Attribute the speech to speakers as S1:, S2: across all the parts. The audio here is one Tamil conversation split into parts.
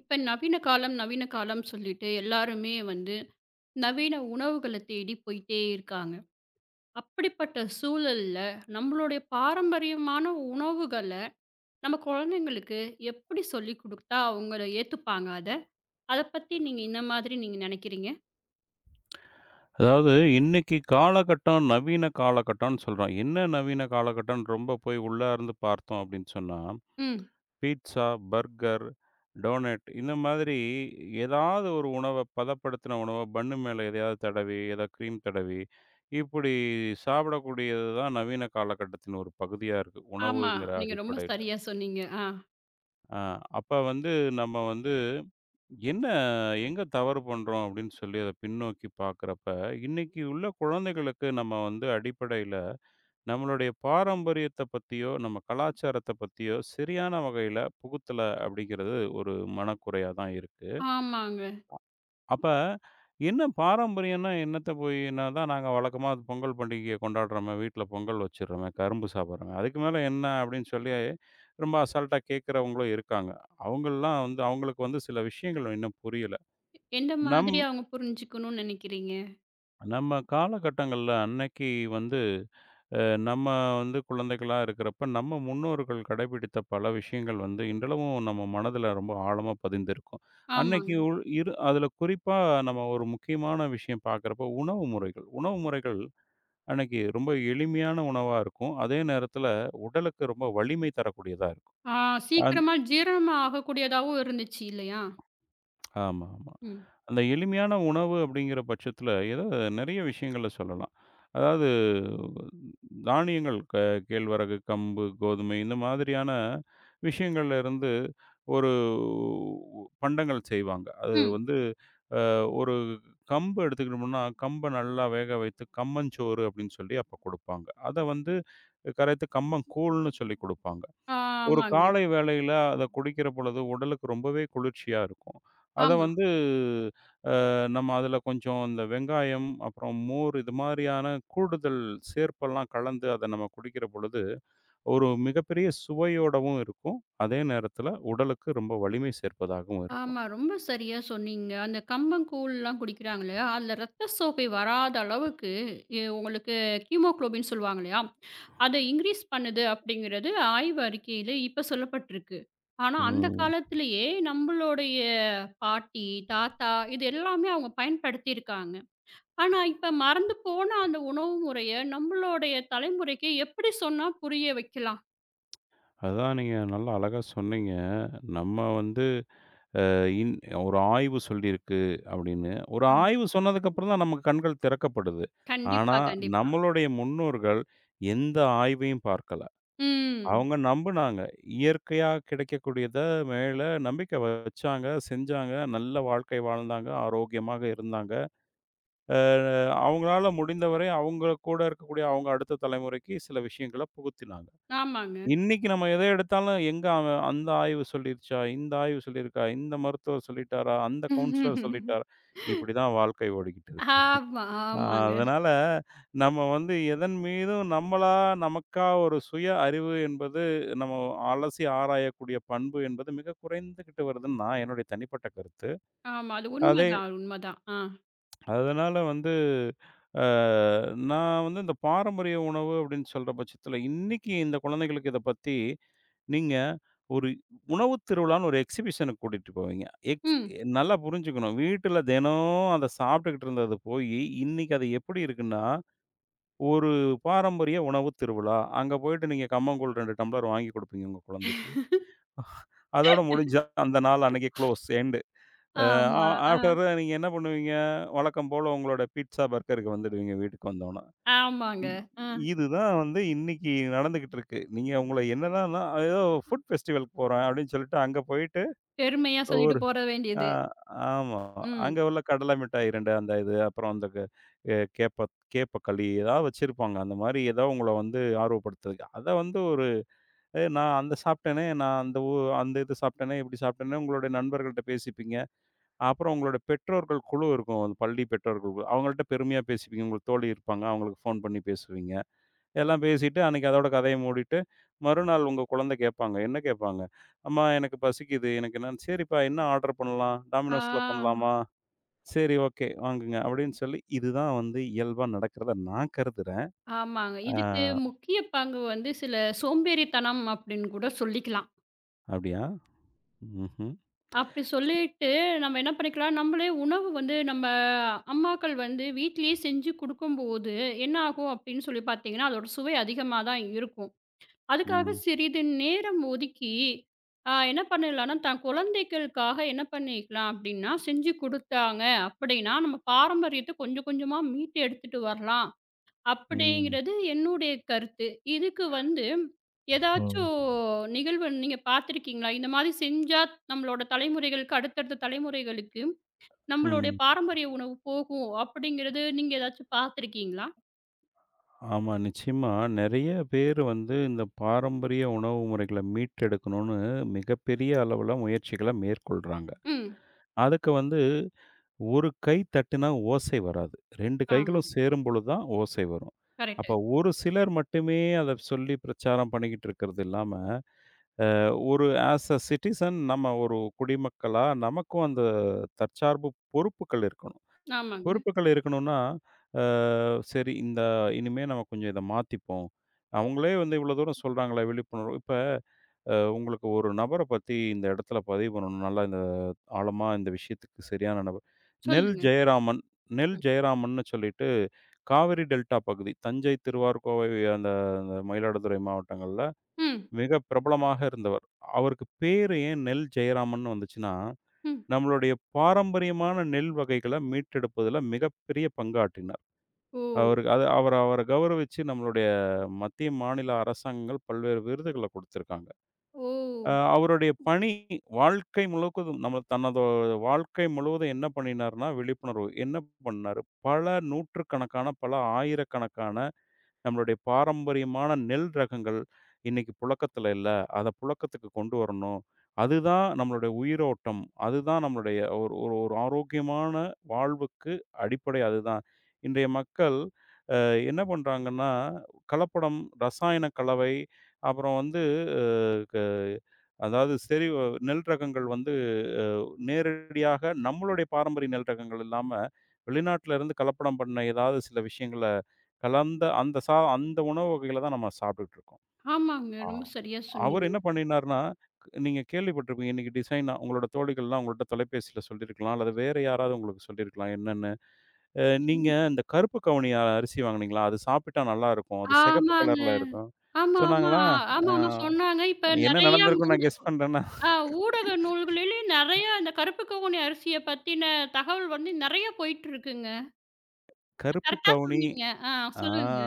S1: இப்ப நவீன காலம், நவீன காலம் சொல்லிட்டு எல்லாருமே வந்து நவீன உணவுகள தேடி போயிட்டே இருக்காங்க. அப்படிப்பட்ட சூழல்ல, நம்மளோடய பாரம்பரியமான உணவுகள நம்ம கொழந்தைகளுக்கு எப்படி சொல்லிக் குடுத்தா, அவுங்கள ஏத்துப்பாங்க அத? அத பத்தி நீங்க ஏன்னா மாதிரி நீங்க நெனைக்கிறீங்க?
S2: அதாவது, இன்னைக்கு காலகட்டம் நவீன காலகட்டம்னு சொல்றோம். என்ன நவீன காலகட்டம்னு ரொம்ப போய் உள்ளார்ந்து பார்த்தோம் அப்டின்னு சொன்னா.
S1: ம்.
S2: பீட்ஸா, பர்கர், டோனட் இந்த மாதிரி ஏதாவது ஒரு உணவ, பதப்படுத்தன உணவ பன்னு மேல எதையாவது தடவி, ஏதா க்ரீம் தடவி. இப்படி சாப்பிடக்கூடியதுதான் நவீன காலகட்டத்தின் ஒரு பகுதியா இருக்கு,
S1: ஆமா.
S2: உணவுங்கிற
S1: நீங்க ரொம்ப
S2: அடிப்படையில.
S1: சரியா சொன்னீங்க. ஆ.
S2: அ, அப்ப வந்து, நம்ம வந்து, என்ன எங்க தவறு பண்றோம் அப்டின்னு சொல்லி, அத பின்னோக்கிப் பாக்கறப்ப. இன்னைக்கு உள்ள குழந்தைகளுக்கு நம்ம வந்து அடிப்படையில, நம்மளுடைய பாரம்பரியத்த பத்தியோ, நம்ம கலாச்சாரத்த பத்தியோ சரியான வகையில புகுத்தல அப்படிங்கிறது ஒரு மனக்குறையா தான் இருக்கு. அ,
S1: ஆமாங்க.
S2: அப்ப, "என்ன பாரம்பரியன்னா என்னத்த போய் இன்னா. அதான் நாங்க வழக்கமா பொங்கல் பண்டிகைய கொண்டாடறமே, வீட்ல பொங்கல் வெச்சிரமே, கரும்பு சாப்பிடறமே. அதுக்கு மேல என்ன" அப்டின்னு சொல்லி ரொம்ப அசால்ட்டா கேக்குறவங்களும் இருக்காங்க. அவுங்கல்லாம் வந்து, அவுங்களுக்கு வந்து சில விஷயங்கள் இன்னும் புரியல.
S1: எந்த
S2: நம்
S1: மாதிரி அவுங்க புரிஞ்சுக்கணுன்னு நெனைக்கிறீங்க?
S2: நம்ம காலகட்டங்கள்ல அன்னைக்கு வந்து, அ நம்ம வந்து குழந்தைகளா இருக்கிறப்ப, நம்ம முன்னோர்கள் கடைப்பிடித்த பல விஷயங்கள் வந்து இன்றளவும் நம்ம மனதுல ரொம்ப ஆழமா பதிந்திருக்கும். அன்னைக்கு
S1: ஆமாங்க.
S2: உள் இரு அதுல குறிப்பா நம்ம ஒரு முக்கியமான விஷயம் பாக்கறப்போ உணவு முறைகள். உணவு முறைகள் அன்னைக்கு ரொம்ப எளிமையான உணவா இருக்கும். அதே நேரத்துல உடலுக்கு ரொம்ப வலிமை தரக்கூடியதா இருக்கும்.
S1: ஆ,
S2: ஆந்
S1: சீக்கரமா ஜீரணம் ஆகக் கூடியதாவும் இருந்துச்சி இல்லையா?
S2: ஆமாமா.
S1: ம்.
S2: அந்த எளிமையான உணவு அப்டிங்கற பட்சத்துல, ஏதா நெறைய விஷயங்கள சொல்லலாம். அதாவது தானியங்கள், க கேழ்வரகு, கம்பு, கோதுமை இந்த மாதிரியான விஷயங்கள்ல இருந்து ஒருவ் பண்டங்கள் செய்வாங்க. அது
S1: ம்.
S2: வந்து, அ ஒரு கம்பு எடுத்துக்கிட்டம்முனா கம்பை நல்லா வேக வைத்து கம்மஞ்சோறு அப்டின்னு சொல்லி அப்பக் கொடுப்பாங்க. அதை வந்து கரைத்து கம்பங்கூழ்னு சொல்லி குடுப்பாங்க. ஒரு
S1: ஆமாங்க.
S2: காலை வேளைல அத குடிக்கிற பொழுது உடலுக்கு ரொம்பவே குளிர்ச்சியா இருக்கும். அதை
S1: ஆமா.
S2: வந்து அ நம்ம அதுல கொஞ்சம் அந்த வெங்காயம், அப்புறம் மோர் இது மாதிரியான கூடுதல் சேர்ப்பெல்லாம் கலந்து அதை நம்ம குடிக்கிற பொழுது ஒரு மிகப்பெரிய சுவையோடவும் இருக்கும். அதே நேரத்துல உடலுக்கு ரொம்ப வலிமை சேர்ப்பதாகவும் இருக்கும்.
S1: ஆமா. ரொம்ப சரியா சொன்னீங்க. அந்த கம்பங்கூழ்லாம் குடிக்கிறாங்களே, அதுல ரத்த சோகை வராத அளவுக்கு ஏ உங்களுக்கு ஹிமோகுலோபின் சொல்லுவாங்கல்லயா, அதை இன்கிரீஸ் பண்ணுது அப்படிங்கறது ஆய்வறிக்கையில இப்ப சொல்லப்பட்ருக்கு. ஆனா, அந்தக்
S2: ம்.
S1: காலத்திலேயே நம்மளுடைய பாட்டி, தாத்தா இது எல்லாமே அவங்க பயன்படுத்திருக்காங்க. ஆனா இப்ப மறந்து போன அந்த உணவு முறைய நம்மளோடய தலைமுறைக்கு எப்படி சொன்னா புரிய வைக்கலாம்?
S2: அதான் நீங்க நல்லா அழகா சொன்னீங்க. நம்ம வந்து அ இன் "ஒரு ஆய்வு சொல்லிருக்கு." அப்படின்னு. ஒரு
S1: ஆமா.
S2: ஆய்வு சொன்னதுக்கு அப்புறம்தான் நமக்குக் கண்கள் திறக்கப்படுது. ஆனா,
S1: கண்டிப்பா, கண்டிப்பா.
S2: நம்மளுடைய முன்னோர்கள் எந்த ஆய்வையும் பார்க்கல.
S1: ம்.
S2: அவுங்க நம்புனாங்க. இயற்கையா கிடைக்கக்கூடியத மேல நம்பிக்கை வ வச்சாங்க, செஞ்சாங்க, நல்ல வாழ்க்கை வாழ்ந்தாங்க, ஆரோக்கியமாக இருந்தாங்க. அ அவுங்களால முடிந்தவரை அவுங்க கூட இருக்கக்கூடிய அவுங்க அடுத்த தலைமுறைக்கு சில விஷயங்களப் புகுத்தினாங்க.
S1: ஆமாங்க.
S2: இன்னைக்கு நம்ம எத எடுத்தாலும், "எங்க அவன் அந்த ஆய்வு சொல்லிடுச்சா? இந்த ஆய்வு சொல்லிருக்கா? இந்த மருத்துவர் சொல்லிட்டாரா? அந்தக் கவுன்சிலர் சொல்லிட்டாரா?" இப்படிதான் வாழ்க்கை ஓடிக்கிட்டுருக்கு.
S1: ஆமா.
S2: அ
S1: ஆமாங்க.
S2: அதனால நம்ம வந்து எதன்மீதும் நம்மளா, நமக்கா ஒரு சுய அறிவு என்பது, நம்ம அலசி ஆராயக்கூடிய பண்பு என்பது மிகக் குறைந்துகிட்டு வருதுன்னு, நான் என்னுடைய தனிப்பட்ட கருத்து.
S1: ஆமா. அது
S2: அதே
S1: உண்மதான், அது உண்மதான். ஆ.
S2: அதனால வந்து அ நான் வந்து இந்தப் பாரம்பரிய உணவு அப்படின்னு சொல்ற பட்சத்துல, இன்னைக்கு இந்த குழந்தைகளுக்கு இதப் பத்தி நீங்க, ஒரு உணவு திருவிழான்னு ஒரு எக்ஸிபிஷன்க்கு கூட்டிட்டு போவீங்க. எக்ஸ்
S1: ம்.
S2: நல்லா புரிஞ்சுக்கணும், வீட்டுல தெனோம் அத சாப்ட்டுக்கிட்டு இருந்தது போயி, இன்னைக்கு அது எப்படி இருக்குன்னா, ஒரு பாரம்பரிய உணவு திருவிழா. அங்க போயிட்டு நீங்க கம்பங்கூழ் 2 டம்ளர் வாங்கி குடுப்பீங்க உங்க குழந்தைக்கு. அதோட முடிஞ்சா அந்த நாள் அன்னைக்கு க்ளோஸ், எண்டு. அ
S1: ஆமா. அ.
S2: ஆஃப்டர் தட் நீங்க என்ன பண்ணுவீங்க? வழக்கம் போல உங்களோட பீட்சா, பர்கர்க்கு வந்துடுவீங்க வீட்டுக்கு வந்தோன்ன.
S1: ஆமாங்க.
S2: இ
S1: அ.
S2: இதுதான் வந்து இன்னைக்கு நடந்துகுட்டுருக்கு. நீங்க உங்கள என்னடான்னா, "ஏதோ ஃபுட் ஃபெஸ்டிவல்க்கு போறேன்." அப்படின்னு சொல்லிட்டு அங்க போயிட்டு
S1: பெருமையா சொல்லிட்டு
S2: ஒரு
S1: போக
S2: அ
S1: வேண்டியது.
S2: ஆமா, ஆமா.
S1: ம்.
S2: அங்க உள்ள கடல மிட்டாய் 2 அந்த இது. அப்புறம் அந்தக் எ கேப்ப கேப்பக்களி எதாவது வெச்சிருப்பாங்க. அந்த மாரி எதோ உங்கள வந்து ஆர்வப்படுத்துறதுக்கு. அத வந்து ஒரு "ஏய் நான் அந்த சாப்ட்டனே, நான் அந்த உ அந்த இது சாப்ட்டனே, இப்படி சாப்ட்டனே." உங்களோட நண்பர்கள்ட்ட பேசிப்பீங்க. அப்புறம் உங்களோட பெற்றோர்கள் குழு இருக்கும். பள்ளி பெற்றோர்கள் குழு. அவங்கள்ட்ட பெருமையா பேசிப்பீங்க. உங்களுக்குத் தோழி இருப்பாங்க. அவுங்களுக்கு ஃபோன் பண்ணி பேசுவீங்க. எல்லாம் பேசிட்டு அன்னைக்கு அதோட கதைய மூடிட்டு, மறுநாள் உங்க குழந்த கேப்பாங்க. என்ன கேப்பாங்க? அம்மா எனக்குப் பசிக்குது. எனக்கு என்னன்னு "சரிப்பா, என்ன ஆர்டர் பண்ணலாம்? டாமினோஸ்ல
S1: ஆ.
S2: பண்லாமா?" "செரி, ஓகே வாங்குங்க." அப்படின்னு சொல்லி, இதுதான் வந்து இயல்பா நடக்குறதா நான் கருதுறேன்.
S1: ஆமாங்க.
S2: அ
S1: இதுக்கு முக்கிய பங்கு வந்து, சில சோம்பேறித்தனம் அப்படின்னு கூட சொல்லிக்கலாம்.
S2: அப்படியா? ம்ஹ்ம்.
S1: அப்படி சொல்லிட்டு, நம்ம என்ன பண்ணிக்கலாம், நம்மளே உணவு வந்து, நம்ம அம்மாக்கள் வந்து வீட்டிலேயே செஞ்சு கொடுக்கும்போது, என்ன ஆகும் அப்படின்னு சொல்லி பார்த்தீங்கன்னா, அதோட சுவை அதிகமா தான் இருக்கும். அதுக்காக
S2: ம்.
S1: சிறிது நேரம் ஒதுக்கி, அ, என்ன பண்ணலாம்னா, தன் குழந்தைகளுக்காக என்ன பண்ணிக்கலாம் அப்படின்னா, செஞ்சு கொடுத்தாங்க அப்படின்னா, நம்ம பாரம்பரியத்த கொஞ்சம் கொஞ்சமா மீட்டு எடுத்துட்டு வரலாம்,
S2: ம்.
S1: அப்படிங்கறது என்னுடைய கருத்து. இதுக்கு வந்து,
S2: ஹ.
S1: ஏதாச்சும் நிகழ்வு நீங்க பாத்திருக்கீங்களா? இந்த மாரி செஞ்சா, நம்மளோட தலைமுறைகளுக்கு, அடுத்தடுத்த தலைமுறைகளுக்கு நம்மளுடைய
S2: ம்.
S1: பாரம்பரிய உணவு போகும் அப்படிங்கறது நீங்க ஏதாச்சு பாத்திருக்கீங்களா?
S2: ஆமா. நிச்சயமா. நெறைய பேரு வந்து இந்த பாரம்பரிய உணவு முறைகளை மீட்டெடுக்கணும்னு மிகப்பெரிய அளவுல முயற்சிகளை மேற்கொள்றாங்க.
S1: ம்.
S2: அதுக்கு வந்து, 1 கை தட்டினா ஓசை வராது. 2
S1: ஆமா.
S2: கைகளும் சேரும் பொழுது தான் ஓசை வரும். அப்ப,
S1: கரெக்ட்டு.
S2: ஒரு சிலர் மட்டுமே அத சொல்லி பிரச்சாரம் பண்ணிக்கிட்டு இருக்கறது இல்லாம, அ, ஒரு அஸ் அ சிட்டிசன் நம்ம ஒரு குடிமக்களா, நமக்கும் அந்த தற்சார்பு பொறுப்புகள் இருக்கணும்.
S1: ஆமாங்க.
S2: பொறுப்புகள் இருக்கணும்னா, அ, செரி, இந்த இனிமே நம்ம கொஞ்சம் இத மாத்திப்போம். அவங்களே வந்து இவ்வளோ தூரம் சொல்றாங்களே, விழிப்புணர்வு. இப்ப, அ உங்களுக்கு ஒரு நபர பத்தி இந்த இடத்துல பதிவு பண்ணணும். நல்லா, இந்த ஆழமா இந்த விஷயத்துக்கு செரியான நபர், நெல்
S1: சொல்லுங்க.
S2: ஜெயராமன், நெல்
S1: ம்.
S2: ஜெயராமன்னு சொல்லிட்டு காவேரி டெல்டா பகுதி, தஞ்சை, திருவாரூர், கோவை, அந்த மயிலாடுதுறை மாவட்டங்கள்ல
S1: ம்.
S2: மிக பிரபலமாக இருந்தவர். அவருக்கு பேர் ஏன் நெல் ஜெயராமன்னு வந்துச்சுன்னா,
S1: ம்.
S2: நம்மளுடைய பாரம்பரியமான நெல் வகைகளை மீட்டெடுப்பதுல மிகப்பெரிய பங்காற்றினார்.
S1: ஓ!
S2: அவரு அத அவர் அவரை கௌரவிச்சு நம்மளுடைய மத்திய, மாநில அரசாங்கங்கள் பல்வேறு விருதுகளை கொடுத்திருக்காங்க.
S1: ஓ!
S2: அவருடைய பணி வாழ்க்கை முழுவதும், நம்ம தனது வாழ்க்கை முழுவதும் என்ன பண்ணினார்னா, விழிப்புணர்வு என்ன பண்ணாரு? பல 100கணக்கான, பல 1000கணக்கான நம்மளுடைய பாரம்பரியமான நெல் ரகங்கள் இன்னைக்கு புழக்கத்துல இல்ல, அத புழக்கத்துக்கு கொண்டுவரணும். அதுதான் நம்மளுடைய உயிரோட்டம், அதுதான் நம்மளுடைய ஒரு ஒரு ஒரு ஆரோக்கியமான வாழ்வுக்கு அடிப்படை அதுதான். இன்றைய மக்கள் ஆ, என்ன பண்றாங்கன்னா, கலப்படம், ரசாயன கலவை, அப்புறம் வந்து அ க அதாவது, செரி, நெல் ரகங்கள் வந்து அ நேரடியாக நம்மளுடைய பாரம்பரிய நெல் ரகங்கள் இல்லாம, வெளிநாட்டுல இருந்து கலப்படம் பண்ண ஏதாவது சில விஷயங்களை கலந்த, அந்த சா அந்த உணவு வகைகளை தான் நம்ம சாப்பிட்டுட்டு இருக்கோம்.
S1: ஆமாங்க.
S2: அ,
S1: ரொம்ப சரியா
S2: அவரு
S1: சொன்னீங்க.
S2: என்ன பண்ணினார்னா, நீங்க கேள்விப்பட்டிருப்பீங்க, இன்னைக்கு டிசைனா உங்களோட தோழிகள்லாம் உங்கள்ட்ட தொலைபேசியில சொல்லிருக்கலாம், அல்லது வேற யாராவது உங்களுக்கு சொல்லிருக்கலாம் என்னன்னு. அ "நீங்க
S1: என்ன.
S2: அந்த கருப்பு கவுனி அரிசி வாங்குனீங்களா? அது சாப்பிட்டா நல்லா இருக்கும். அது சிகப்பு
S1: ஆமாங்க.
S2: கலர்ல இருக்கும்,"
S1: ஆமா, ஆமா.
S2: சொன்னாங்களா?
S1: ஆ,
S2: அ
S1: ஆமாமா. சொன்னாங்க. இப்ப
S2: என்ன
S1: நெறைய
S2: நடந்துருக்கும்
S1: மூட
S2: நான் கெஸ் பண்றேன்னா
S1: ஆ, ஊடக நூல்களிலே நெறைய இந்த கருப்பு கவுனி அரிசியை பத்தின தகவல் வந்து நெறைய போயிட்டு இருக்குங்க.
S2: கருப்பு
S1: கரெக்டா
S2: கவுனி,
S1: சொன்னீங்க, ஆ,
S2: ஆ,
S1: சொல்லுங்க.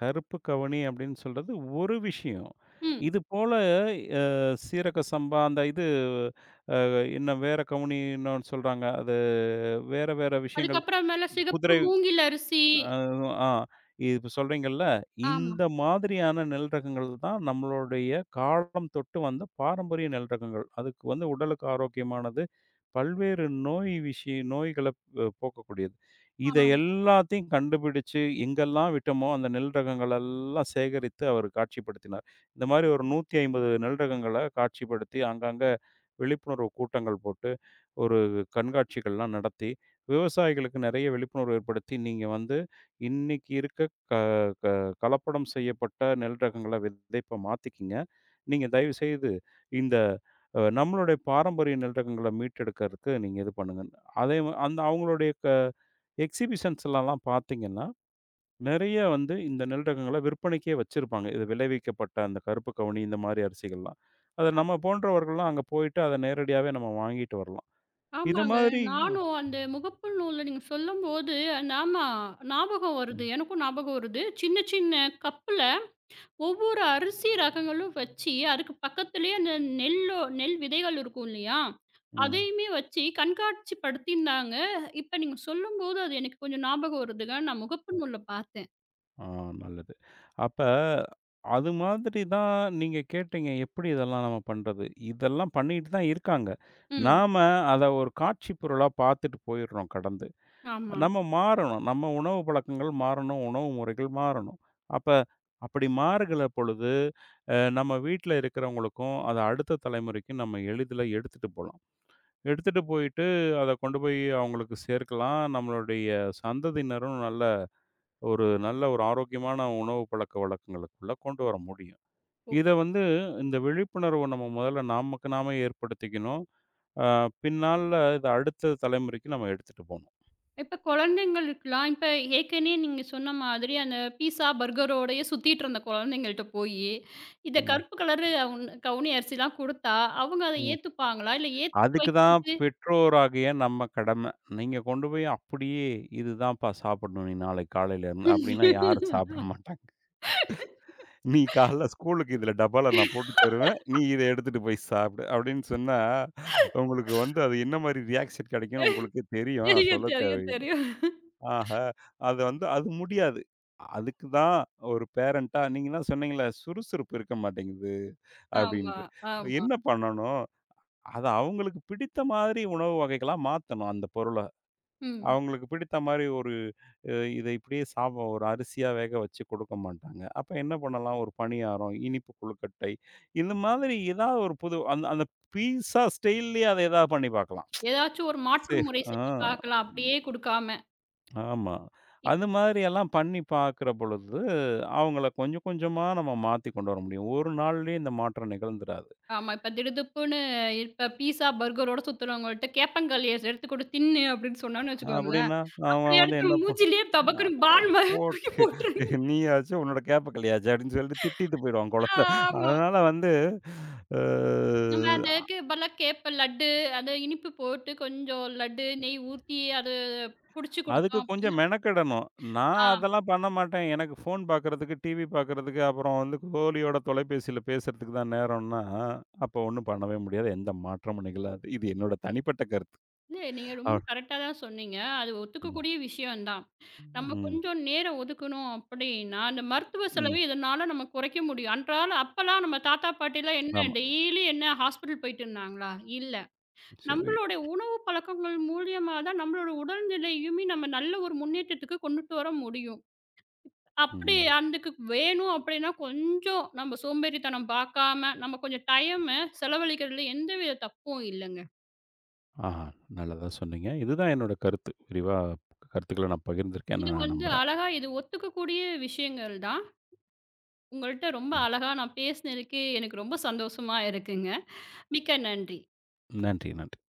S2: கருப்பு கவுனி அப்படின்னு சொல்றது ஒரு விஷயம்.
S1: ம்.
S2: இதுபோல, அ, சீரக சம்பா, அந்த இது அ, என்ன வேற கவுனி இன்னோனு சொல்றாங்க, அது வேற வேற விஷயங்கள்,
S1: அதுக்கப்பறம் மேல சிகப்பு
S2: குதிரை
S1: மூங்கில் அரிசி.
S2: அ, ஆ, இப்ப சொல்றீங்கல்ல,
S1: ஆமா.
S2: இந்த மாதிரியான நெல் ரகங்கள் தான் நம்மளுடைய காலம் தொட்டு வந்த பாரம்பரிய நெல் ரகங்கள். அதுக்கு வந்து உடலுக்கு ஆரோக்கியமானது. பல்வேறு நோய் விஷய நோய்களை போக்கக்கூடியது. இதை
S1: அ.
S2: எல்லாத்தையும் கண்டுபிடிச்சு, எங்கெல்லாம் விட்டோமோ அந்த நெல் ரகங்கள் எல்லாம் சேகரித்து, அவரு காட்சிப்படுத்தினார். இந்த மாதிரி ஒரு 150 நெல் ரகங்களை காட்சிப்படுத்தி, அங்க, அங்க விழிப்புணர்வு கூட்டங்கள் போட்டு, ஒரு கண்காட்சிகள் எல்லாம் நடத்தி விவசாயிகளுக்கு நெறைய விழிப்புணர்வு ஏற்படுத்தி, "நீங்க வந்து இன்னைக்கு இருக்க க க கலப்படம் செய்யப்பட்ட நெல் ரகங்களை விதைப்ப மாத்திக்கங்க. நீங்க தயவுசெய்து இந்த நம்மளுடைய பாரம்பரிய நெல் ரகங்களை மீட்டெடுக்கறதுக்கு நீங்க இது பண்ணுங்கன்னு." அதே வ அந்த அவங்களுடைய க எக்ஸிபிஷன்ஸ்லலாம் பாத்தீங்கன்னா, நெறைய வந்து இந்த நெல் ரகங்களை விற்பனைக்கே வெச்சிருப்பாங்க. இது விளைவிக்கப்பட்ட அந்த கருப்பு கவுனி, இந்த மாதிரி அரிசிகள்லாம். அத
S1: அ,
S2: நம்ம போன்றவர்கள்லாம் அங்க போயிட்டு, அத நேரடியாவே நம்ம வாங்கிட்டு வரலாம். இந்த
S1: ஆமாங்க.
S2: மாதிரி
S1: நானும் அந்த முகப்பு நூல்ல நீங்க சொல்லும்போது, ஆமா. ஞாபகம் வருது,
S2: ம்.
S1: எனக்கும் ஞாபகம் வருது. சின்ன, சின்ன கப்புல ஒவ்வொரு அரிசி ரகங்களும் வெச்சி, அதுக்கு பக்கத்துலயே அந்த நெல்லோ நெல் விதைகள் இருக்கும் இல்லையா,
S2: ம்.
S1: அதையுமே வெச்சி கண்காட்சி படுத்திருந்தாங்க. இப்ப நீங்க சொல்லும்போது, அது எனக்கு கொஞ்சம் ஞாபகம் வருதுங்க, நான் முகப்பு நூல்ல பாத்தேன்.
S2: அ, நல்லது. அப்ப, அது மாதிரிதான் நீங்க கேட்டீங்க, "எப்படி இதெல்லாம் நம்ம பண்றது?" இதெல்லாம் பண்ணிட்டு தான் இருக்காங்க.
S1: ம்.
S2: நாம அத ஒரு காட்சிப் பொருளா பாத்துட்டு, போயிடுறோம் கடந்து.
S1: ஆமா.
S2: நம்ம மாறணும், நம்ம உணவு பழக்கங்கள் மாறணும், உணவு முறைகள் மாறணும். அப்ப அப்படி மாறுகிற பொழுது, அ, நம்ம வீட்ல இருக்கிறவங்களுக்கும், அத அடுத்த தலைமுறைக்கும் நம்ம எளிதில எடுத்துட்டு போலாம். எடுத்துட்டு போயிட்டு, அத கொண்டுபோய் அவங்களுக்கு சேர்க்கலாம். நம்மளுடைய சந்ததியினரும் நல்ல ஒரு நல்ல ஒரு ஆரோக்கியமான உணவு பழக்க வழக்கங்களுக்குள்ள கொண்டுவர முடியும்.
S1: ஓ.
S2: இத வந்து இந்த விழிப்புணர்வ நம்ம முதல்ல நமக்கு நாமே ஏற்படுத்திக்கணும். அ, பின்னால இத அடுத்து தலைமுறைக்கு நம்ம எடுத்துட்டு போணும்.
S1: இப்ப குழந்தைங்களுக்குலாம், இப்ப ஏற்கனே நீங்கச் சொன்ன மாதிரி, அந்த பீட்சா பர்கரோடயே சுத்திட்டு இருந்த குழந்தைங்கள்கிட்ட போயி, இத
S2: ம்.
S1: கருப்பு கலர் கவு கவுனி அரிசிலாம் கொடுத்தா, அவங்க அதை
S2: ம்.
S1: ஏத்துப்பாங்களா இல்ல, ஏத்துக்க
S2: அதுக்குதான்
S1: வைக்கிறது.
S2: பெற்றோராகிய நம்ம கடமை. நீங்க கொண்டுபோய் அப்படியே, "இதுதாப்பா சாப்பிடணும் நீ நாளைக்கு காலையில இருந்து," அப்படின்னா யாரும் சாப்பிட மாட்டாங்க. "நீ காலையில ஸ்கூலுக்கு இதுல டப்பால நான் போட்டு தருவேன், நீ இத எடுத்துட்டு போய் சாப்பிடு," அப்படின்னு சொன்னா, உங்களுக்கு வந்து அது என்ன மாரி ரியாக்ஷன் கிடைக்கும்னு உங்களுக்கே தெரியும், நான்
S1: தெரியும்,
S2: சொல்லத்
S1: தெரியும்,
S2: தேவையி
S1: தெரியும்.
S2: ஆஹ! அது வந்து அது முடியாது. அதுக்குதான் ஒரு பேரண்ட்டா நீங்க எல்லாம் சொன்னீங்கல்ல, "சுறுசுறுப்பு இருக்க மாட்டேங்குது."
S1: ஆமா,
S2: அப்படின்னு.
S1: ஆமா.
S2: என்ன பண்ணணும்? அத அவங்களுக்கு பிடித்த மாதிரி உணவு வகைகளா மாத்தணும், அந்த பொருள.
S1: ம்.
S2: அவங்களுக்கு பிடித்த மாதிரி, ஒரு இத இப்படியே சாப்பிடு, ஒரு அரிசியா வேகவச்சு கொடுக்க மாட்டாங்க. அப்ப என்ன பண்ணலாம்? ஒரு பணியாரம், இனிப்பு கொழுக்கட்டை, இந்த மாதிரி ஏதாவது ஒரு புது, அந்த அந்த பீட்சா ஸ்டைல்லயே அத எதாவது பண்ணி பாக்கலாம்.
S1: எதாச்சு, ஒரு மாற்று
S2: சேஃப்.
S1: முறை
S2: அ,
S1: செஞ்சு பார்க்கலாம். அப்படியே கொடுக்காம.
S2: ஆமா.
S1: இப்
S2: அந்த மாரி எல்லாம் பண்ணி பாக்குற பொழுது, அவங்கள கொஞ்சம், கொஞ்சமா நம்ம மாத்தி கொண்டுவர முடியும். ஒரு நாள்லயே இந்த மாற்றம் நிகழ்ந்துராது.
S1: ஆமா. இப்ப திடுதிப்புன்னு, இப்ப பீட்சா, பர்கரோட சுத்துறவங்க கிட்ட கேப்பங்களிய செடுத்து எடுத்து கொடுத்து, "தின்னு" அப்படின்னு சொன்னோம்னு வெச்சுக்கோங்களேன்,
S2: அப்படின்னா, அவங்க
S1: அப்படியே
S2: வந்து
S1: எடுத்து
S2: என்ன
S1: நம்ம
S2: பண்
S1: மூஞ்சிலேயே
S2: "நான்
S1: தபக்குனு பால் மாதிரி தூக்கி
S2: போட்டு
S1: போட்டுருவாங்க.
S2: நீயாச்சு உன்னோட கேப்பக்களியாச்சு," அப்படின்னு சொல்லிட்டு திட்டிட்டு போயிருவான் குழந்தை.
S1: ஆமா.
S2: அதனால வந்து, ஆ,
S1: நம்ம அதுக்கு பதிலா கேப்ப லட்டு, அத இனிப்பு போட்டு, கொஞ்சம் லட்டு நெய் ஊத்தி, அது புடிச்சி
S2: அதுக்கு
S1: கொடுத்தோம்
S2: கொஞ்சம்
S1: அப்படின்னா,
S2: மெனக்கெடணும். "நான்
S1: அ.
S2: அதெல்லாம் பண்ண மாட்டேன், எனக்கு போன் பாக்குறதுக்கு, டிவி பாக்குறதுக்கு, அப்பறம் வந்து தோழியோட தொலைபேசியில பேசுறதுக்கு தான் நேரம்னா" அப்ப ஒண்ணும் பண்ணவே முடியாது. எந்த மாற்றமும் நிகழாது, இது என்னோட தனிப்பட்ட கருத்து.
S1: இல்ல. நீங்க
S2: அ
S1: ரொம்ப கரெக்டா தான் சொன்னீங்க. அது ஒத்துக்க
S2: ம்.
S1: கூடிய விஷயம் தான். நம்ம
S2: ம்.
S1: கொஞ்சம் நேரம் ஒதுக்கணும் அப்படின்னா, இந்த மருத்துவ
S2: ம்.
S1: செலவை இதனால நம்ம குறைக்க முடியும். அன்றாட அப்பலாம் நம்ம தாத்தா, பாட்டிலாம் என்ன,
S2: ஆமா.
S1: டெய்லி என்ன ஹாஸ்பிடல் போயிட்டு இருந்தாங்களா? இல்ல.
S2: செரி.
S1: நம்மளுடைய உணவு பழக்கங்கள் மூலியமாதான் நம்மளுடைய உடல் நிலையையுமே நம்ம நல்ல ஒரு முன்னேற்றத்துக்கு கொண்டுட்டு வர முடியும். அப்படி
S2: ம்.
S1: அன்றைக்கு வேணும் அப்படின்னா, கொஞ்சம் நம்ம சோம்பேறித்தனம் பாக்காம நம்ம கொஞ்சம் டைம்ம செலவழிக்கிறதுல எந்தவித தப்பும் இல்லங்க.
S2: ஆஹா! நல்லதா சொன்னீங்க. இதுதான் என்னோட கருத்து. விரிவா கருத்துக்கள, நான் பகிர்ந்து இருக்கேன்னு
S1: இது
S2: நான்
S1: வந்து
S2: நம்புறேன்.
S1: அழகா, இது ஒத்துக்க கூடிய விஷயங்கள் தான். உங்கள்ட்ட ரொம்ப
S2: ம்.
S1: அழகா, நான் பேசுனதுக்கு எனக்கு ரொம்ப சந்தோஷமா இருக்குங்க. மிக்க நன்றி.
S2: நன்றி, நன்றி.